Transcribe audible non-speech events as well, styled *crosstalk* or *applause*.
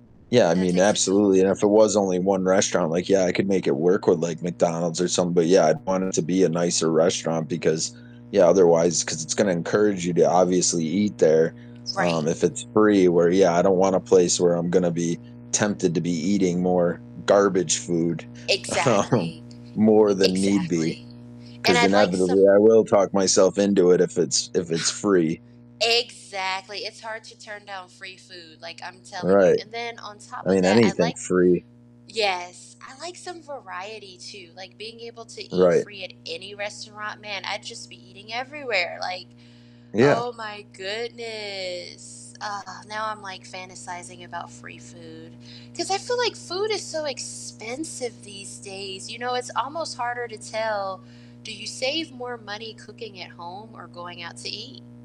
Yeah, I That mean, takes it to a whole absolutely, and 'nother if it level. was only one restaurant, like, yeah, I could make it work with, like, McDonald's or something, but, yeah, I'd want it to be a nicer restaurant because Yeah, otherwise, 'cause it's gonna encourage you to obviously eat there, Right. um, if it's free where, yeah, I don't want a place where I'm gonna be tempted to be eating more garbage food, um, Exactly. more E than need be, exactly, and 'cause I'd like inevitably, some I will talk myself into it if it's if it's free. *scoffs* Exactly, it's hard turn down free food, like, I'm telling you Right. and then on top I of mean, that, I anything like free. Yes, I like some variety too, like, being able to eat Right. free at any restaurant, man, I'd just be eating everywhere, like Yeah. oh my goodness, ah, now I'm, like, fantasizing about free food, 'cause I feel like food is so expensive these days, you know, it's almost harder to tell, do you save more money cooking at home or going out to eat?